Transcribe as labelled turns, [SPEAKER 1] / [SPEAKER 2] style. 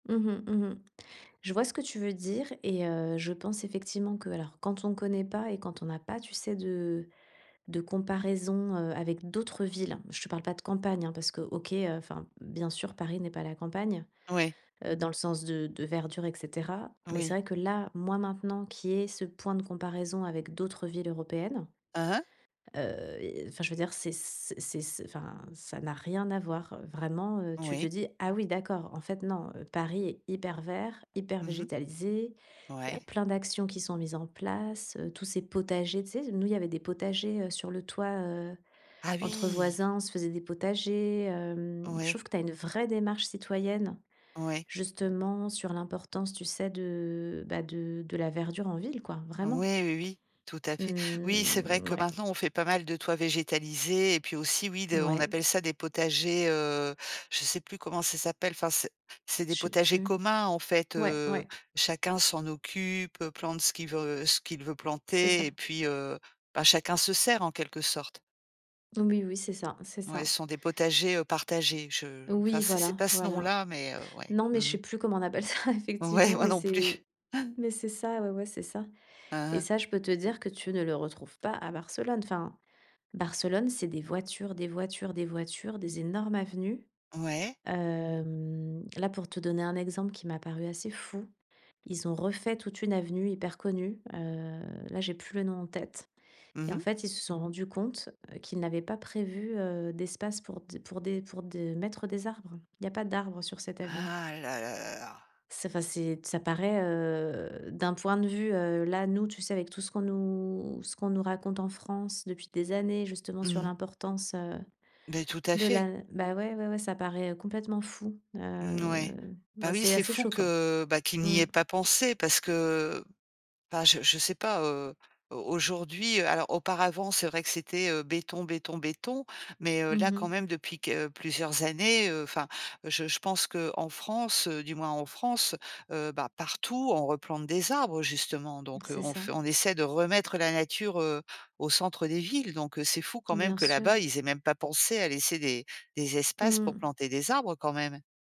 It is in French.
[SPEAKER 1] Mmh mh, mmh mh, je vois ce que tu veux dire et heu, je pense effectivement que alors, quand on connaît pas et quand on n'a pas, tu sais, de de comparaison, heu, avec d'autres villes, je te parle pas de campagne, hein, parce que OK, heu, enfin, bien sûr, Paris n'est pas la campagne,
[SPEAKER 2] Ouais.
[SPEAKER 1] heu, dans le sens de de verdure, et cetera. Mais c'est
[SPEAKER 2] Oui.
[SPEAKER 1] vrai que là, moi, maintenant qu'il y ait ce point de comparaison avec d'autres villes européennes.
[SPEAKER 2] Aha.
[SPEAKER 1] Heu, et enfin, je veux dire, c'est c c'est c enfin, ça n'a rien à voir, heu, vraiment, heu. Tu te
[SPEAKER 2] Oui.
[SPEAKER 1] dis: «Ah oui, d'accord. En fait non, heu, Paris est hyper vert, hyper
[SPEAKER 2] Mmh mh.
[SPEAKER 1] végétalisé». Il y a
[SPEAKER 2] Ouais.
[SPEAKER 1] plein d'actions qui sont mises en place, heu. Tous ces potagers, tu sais, nous, il y avait des potagers, heu, sur le toit, heu,
[SPEAKER 2] Ah
[SPEAKER 1] entre
[SPEAKER 2] oui!
[SPEAKER 1] voisins, on se faisait des potagers, hem. Je
[SPEAKER 2] Ouais.
[SPEAKER 1] trouve que tu as une vraie démarche citoyenne,
[SPEAKER 2] Ouais.
[SPEAKER 1] justement, sur l'importance, tu sais, de, bah, de de la verdure en ville quoi, vraiment.
[SPEAKER 2] Ouais, oui, oui, tout à fait. Oui, c'est vrai
[SPEAKER 1] Mmh,
[SPEAKER 2] que
[SPEAKER 1] ouais.
[SPEAKER 2] maintenant, on fait pas mal de toits végétalisés. Et puis aussi, oui de on
[SPEAKER 1] Mouais.
[SPEAKER 2] appelle ça des potagers, heu, je sais plus comment ça s'appelle. Enfin, c'est c'est
[SPEAKER 1] Je
[SPEAKER 2] des
[SPEAKER 1] sais
[SPEAKER 2] potagers
[SPEAKER 1] plus.
[SPEAKER 2] communs. En fait,
[SPEAKER 1] Ouais,
[SPEAKER 2] heu,
[SPEAKER 1] ouais.
[SPEAKER 2] chacun s'en occupe, plante ce qu'il veut ce qu'il veut
[SPEAKER 1] C'est ça.
[SPEAKER 2] planter et puis, heu, bah, chacun se sert, en quelque sorte.
[SPEAKER 1] Oui oui, c'est ça, c'est
[SPEAKER 2] Ouais,
[SPEAKER 1] ça.
[SPEAKER 2] ce sont des potagers, heu, partagés, je enfin
[SPEAKER 1] Oui,
[SPEAKER 2] c'est c'est
[SPEAKER 1] voilà,
[SPEAKER 2] pas ce
[SPEAKER 1] voilà.
[SPEAKER 2] nom-là, mais, heu, ouais,
[SPEAKER 1] Non, mais je
[SPEAKER 2] mmh
[SPEAKER 1] sais
[SPEAKER 2] mh.
[SPEAKER 1] plus comment on appelle ça
[SPEAKER 2] Ouais,
[SPEAKER 1] effectivement,
[SPEAKER 2] moi
[SPEAKER 1] mais
[SPEAKER 2] non
[SPEAKER 1] c'est
[SPEAKER 2] plus.
[SPEAKER 1] mais c'est ça, ouais, ouais, c'est ça. Et
[SPEAKER 2] Aha.
[SPEAKER 1] ça, je peux te dire que tu ne le retrouves pas à Barcelone. Enfin, Barcelone, c'est des voitures, des voitures, des voitures, des énormes avenues.
[SPEAKER 2] Ouais.
[SPEAKER 1] Hem, là, pour te donner un exemple qui m'a paru assez fou, ils ont refait toute une avenue hyper connue, heu, là, j'ai plus le nom en tête
[SPEAKER 2] Mmh
[SPEAKER 1] et en
[SPEAKER 2] mh.
[SPEAKER 1] fait, ils se sont rendus compte, heu, qu'ils n'avaient pas prévu, heu, d'espace pour d pour des pour de mettre des arbres. Il y a pas d'arbres sur cette avenue.
[SPEAKER 2] Ah là là là là.
[SPEAKER 1] C'est fa c'est. Ça paraît, heu, d'un point de vue, heu, là, nous, tu sais, avec tout ce qu'on nous ce qu'on nous raconte en France depuis des années, justement, sur
[SPEAKER 2] Mmh.
[SPEAKER 1] l'importance, heu,
[SPEAKER 2] Beh tout à
[SPEAKER 1] de
[SPEAKER 2] fait.
[SPEAKER 1] la bah ouais, ouais, ouais, ça paraît complètement fou.
[SPEAKER 2] Mmh
[SPEAKER 1] Heu,
[SPEAKER 2] n ouais, bah
[SPEAKER 1] ouais,
[SPEAKER 2] oui,
[SPEAKER 1] c'est
[SPEAKER 2] c'est
[SPEAKER 1] assez
[SPEAKER 2] fou
[SPEAKER 1] choquant.
[SPEAKER 2] que, bah, qu'ils n'y
[SPEAKER 1] Mmh.
[SPEAKER 2] aient pas pensé parce que, bah, je je sais pas, heu, au aujourd'hui, heu, alors auparavant, c'est vrai que c'était, heu, béton, béton, béton. Mais, heu,
[SPEAKER 1] Mmh
[SPEAKER 2] là, quand
[SPEAKER 1] mh.
[SPEAKER 2] même, depuis que plusieurs années, heu, enfin, je je pense qu'en France, heu, du moins en France, heu, bah partout, on replante des arbres, justement. Donc, heu,
[SPEAKER 1] C'est
[SPEAKER 2] on
[SPEAKER 1] ça.
[SPEAKER 2] f on essaie de remettre la nature, heu, au centre des villes. Donc c'est fou quand même
[SPEAKER 1] Bien
[SPEAKER 2] que
[SPEAKER 1] sûr.
[SPEAKER 2] là-bas, ils aient même pas pensé à laisser des des espaces pour
[SPEAKER 1] Mmh.
[SPEAKER 2] planter des arbres quand même.